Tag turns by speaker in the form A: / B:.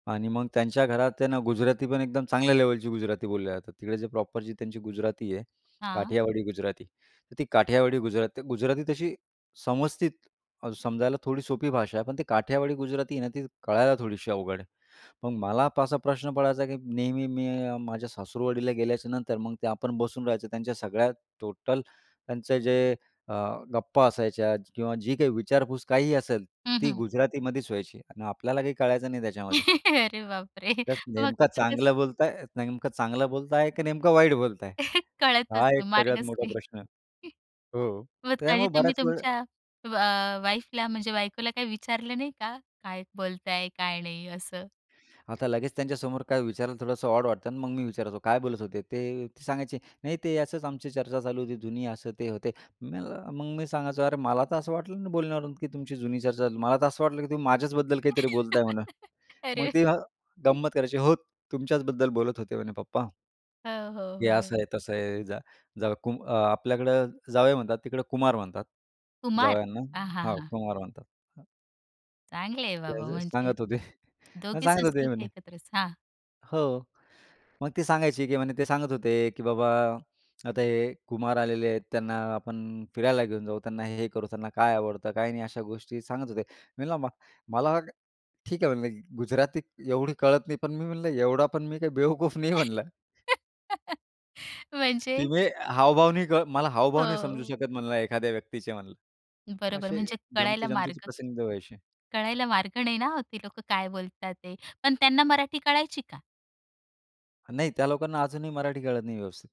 A: आणि मग त्यांच्या घरात त्यांना गुजराती पण एकदम चांगल्या लेव्हलची गुजराती बोलल्या जातात, तिकडे जे प्रॉपर जी त्यांची गुजराती आहे,
B: हां.
A: काठियावाडी गुजराती. तर ती काठियावाडी गुजराती, गुजराती तशी समस्थित अ, समजायला थोडी सोपी भाषा आहे. पण ते काठियावाडी गुजराती आहे ना, ती कळायला थोडीशी अवघड आहे. मग मला असा प्रश्न पडायचा, की नेहमी मी माझ्या सासुरवाडीला गेल्याच्यानंतर मग ते आपण बसून राहायचं, त्यांच्या सगळ्या टोटल, त्यांचं जे अ, गप्पा असायच्या किंवा जी काही विचारपूस काहीही, असेल
B: हं,
A: ती
B: हं.
A: गुजरातीमध्येच व्हायची. आणि आपल्याला काही कळायचं नाही त्याच्यामध्ये.
B: अरे बापरे!
A: त्यात
B: मग
A: नेमकं
B: तिथेच
A: चांगलं बोलत आहेत नेमकं चांगलं बोलत आहेत, की नेमकं वाईट बोलत आहेत?
B: कळतच
A: हा एक
B: नाही,
A: सगळ्यात
B: मार्गच
A: मोठा
B: नाही.
A: प्रश्न आहे....हो,
B: मग काही
A: त्यामुळे
B: तुम्ही
A: बऱ्याच वेळ
B: तुमच्या अ वाईफला म्हणजे बायकोला काही विचारलं नाही का? काय बोलत आहेत, काय नाही? असं.
A: आता लगेच त्यांच्यासमोर काय विचारायला थोडंसं ऑड वाटतं ना आणि मग मी विचारायचो काय बोलत होते. ते ते सांगायचे नाही ते असंच आमची चर्चा चालू होती जुनी असं ते होते. मी म्हणल मग मी सांगायचो "अरे, मला तर असं वाटलं नाही बोलण्यावरून की तुमची जुनी चर्चा असेल, मला तर असं वाटलं की तुम्ही माझ्याचबद्दल काहीतरी बोलताय म्हणून." मग
B: अरे!
A: तेव्हा गंमत करायची, "हो, तुमच्याचबद्दल बोलत होते म्हणे, पप्पा."
B: हां, हो,
A: "हे
B: हो.
A: असं आहे, तसं आहे. जा जावई कुम आपल्याकडं जावई म्हणतात, तिकडं कुमार म्हणतात,
B: कुमार...आ, हां,
A: जावयांना....हां,
B: हां.
A: कुमार म्हणतात. हां.
B: चांगले आहे
A: ते
B: बाबा
A: अस
B: म्हणजे,
A: सांगत होते. हां,
B: दोघी
A: सांगत होते
B: संस्कृती
A: म्हणे.
B: एकत्रच. हां.
A: हो. मग ती सांगायची की म्हणे ते सांगत होते, की "बाबा, आता हे कुमार आलेले आहेत त्यांना आपण फिरायला घेऊन जाऊ, त्यांना हे करू, त्यांना काय आवडतं, काय नाही?" अशा गोष्टी सांगत होते. मी म्हणलं म मला वाट ठीक आहे म्हणले गुजराती एवढी कळत नाही. पण मी म्हणलं एवढा पण मी काही बेवकूफ नाही म्हणलं.
B: म्हणजे?
A: की मी हावभाव नाही का, मला हावभाव नाही समजू
B: हो.
A: शकत म्हणलं एखाद्या व्यक्तीचे म्हणलं.
B: बरोबर,
A: असे,
B: म्हणजे कळायला
A: गमतीजमतीचे
B: मार्ग
A: प्रसंग व्हायचे.
B: कळायला मार्ग नाही ना, ती लोकं काय बोलतात ते? पण त्यांना मराठी कळायची का?
A: नाही, त्या लोकांना अजूनही मराठी कळत नाही व्यवस्थित.